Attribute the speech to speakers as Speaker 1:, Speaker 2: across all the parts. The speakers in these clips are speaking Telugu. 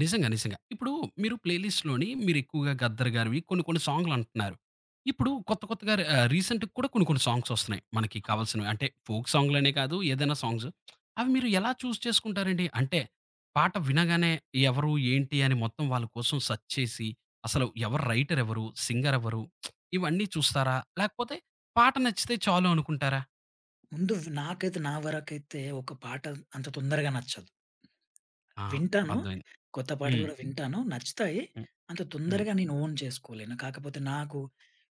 Speaker 1: నిజంగా. నిజంగా. ఇప్పుడు మీరు ప్లే లిస్ట్‌లోని మీరు ఎక్కువగా 'గద్దర్' గారివి కొన్ని కొన్ని సాంగ్లు అంటన్నారు. ఇప్పుడు కొత్త కొత్తగా రా ఆహ్, రీసెంట్‌గా కూడా కొన్ని కొన్ని సాంగ్స్ వస్తున్నాయి. మనకి కావాల్సినవి అంటే, ఫోక్ సాంగ్లనే కాదు ఏదైనా సాంగ్స్. అవి మీరు ఎలా చూజ్ చేసుకుంటారండి. అంటే పాట వినగానే ఎవరు ఏంటి అని మొత్తం వాళ్ళ కోసం సెర్చ్ చేసి, అసలు ఎవరు రైటర్ ఎవరు? సింగర్ ఎవరు? ఇవన్నీ చూస్తారా? లేకపోతే పాట నచ్చితే చాలు అనుకుంటారా?
Speaker 2: ముందు నాకైతే, నా వరకైతే ఒక పాట అంత తొందరగా నచ్చదు.
Speaker 1: ఆ!
Speaker 2: వింటాను,
Speaker 1: అర్థమయ్యింది.
Speaker 2: కొత్త పాటలు
Speaker 1: హ్మ్.
Speaker 2: గూడా వింటాను, నచ్చుతాయి.
Speaker 1: హ్మ్.
Speaker 2: అంత
Speaker 1: హ్మ్.
Speaker 2: తొందరగా నేను ఓన్ చేసుకోలేను. కాకపోతే నాకు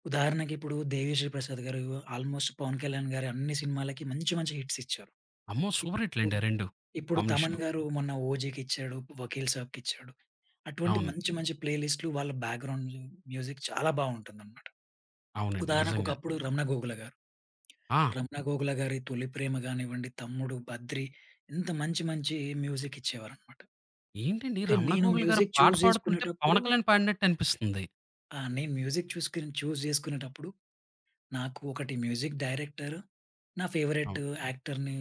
Speaker 2: ఉదాహరణకిప్పుడు 'దేవిశ్రీ ప్రసాద్‌' గారు ఆల్‌మోస్ట్ పవన్ కళ్యాణ్‌ గారి అన్ని సినిమాలకి మంచి మంచి హిట్సిచ్చారు.
Speaker 1: అమ్మో! సూపర్ హిట్లండి
Speaker 2: ఇప్పుడు.
Speaker 1: ఆ 2.
Speaker 2: ఇప్పుడు, 'తమన్‌'
Speaker 1: కాంబినేషను.
Speaker 2: గారు మొన్న ఓజీకి ఇచ్చాడు, వకీల్ సాబ్‌కిచ్చాడు. అటువంటి
Speaker 1: అవును.
Speaker 2: మంచి మంచి ప్లే లిస్టులు వాళ్ళ బ్యాక్‌గ్రౌండ్లు మ్యూజిక్ చాలా బాగుంటుందన్నమాట.
Speaker 1: అవునండి.
Speaker 2: ఉదాహరణకు,
Speaker 1: నిజంగా.
Speaker 2: ఒకప్పుడు 'రమణ గోగుల‌' గారు.
Speaker 1: ఆ!
Speaker 2: రమణ గోగుల‌ గారి 'తొలి ప్రేమ' గానివ్వండి, తమ్ముడు, బద్రి ఇంత మంచి మంచి మ్యూజిక్ ఇచ్చేవారన్నమాట.
Speaker 1: ఏంటండి
Speaker 2: అంటే
Speaker 1: 'రమణ
Speaker 2: నేను
Speaker 1: గోగుల‌' గారు ఆ
Speaker 2: మ్యూజిక్
Speaker 1: పాట
Speaker 2: చూజ్
Speaker 1: పాడుతుంటే
Speaker 2: చేసుకునేటప్పుడు
Speaker 1: 'పవన్ కళ్యాణ్' పాడినట్టనిపిస్తుంది.
Speaker 2: ఆ! నేను మ్యూజిక్ చూసుకొని చూజ్ చేసుకునేటప్పుడు, నాకు ఒకటి మ్యూజిక్ డైరెక్టర్, నా ఫేవరట్
Speaker 1: అవును.
Speaker 2: యాక్టర్‌ని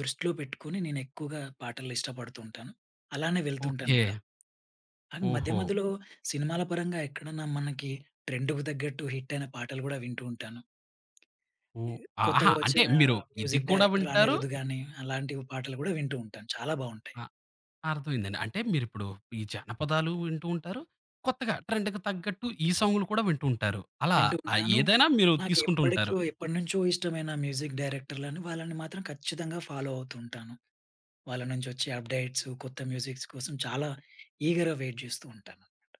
Speaker 2: దృష్టిలో పెట్టుకొని, నేనెక్కువగా పాటలు ఇష్టపడుతూ ఉంటాను. అలానే వెళ్తుంటాను గూడా.
Speaker 1: ఓకే.
Speaker 2: కానీ, మధ్య
Speaker 1: ఓహో!
Speaker 2: మధ్యలో సినిమాల పరంగా ఎక్కడన్నా మనకి ట్రెండ్‌కు తగ్గట్టు హిట్టయిన పాటలు గూడా వింటూ ఉంటాను. ఈ
Speaker 1: ఓహ్! ఆహా!
Speaker 2: కొత్తగా
Speaker 1: అంటే
Speaker 2: వచ్చిన
Speaker 1: మీరు ఇది
Speaker 2: మ్యూజిక్
Speaker 1: కూడా
Speaker 2: డైరెక్టర్
Speaker 1: వింటారు
Speaker 2: 'అనిరుద్' గాని అలాంటి పాటలు కూడా వింటూ ఉంటాను. చాలా బావుంటాయి.
Speaker 1: ఆ! అర్థమయ్యిందండి. అంటే మీరు ఇప్పుడు ఈ జానపదాలు వింటూ ఉంటారు. కొత్తగా ట్రెండ్‌కి తగ్గట్టు, ఈ సాంగ్లు కూడా వింటూంటారు. అలా
Speaker 2: వింటూ ఉంటాను.
Speaker 1: ఏదైనా మీరు తీసుకుంటూంటారు.
Speaker 2: నాకెప్పడి‌కో ఎప్పటినుంచో ఇష్టమైన మ్యూజిక్ డైరెక్టర్లని వాళ్ళని మాత్రం ఖచ్చితంగా ఫాలో అవుతూ ఉంటాను. వాళ్ళ‌నుంచి వచ్చే అప్‌డేట్స్, కొత్త మ్యూజిక్స్ కోసం చాలా ఈగర్‌గా వెయిట్ చేస్తూ ఉంటానన్నమా‌ట.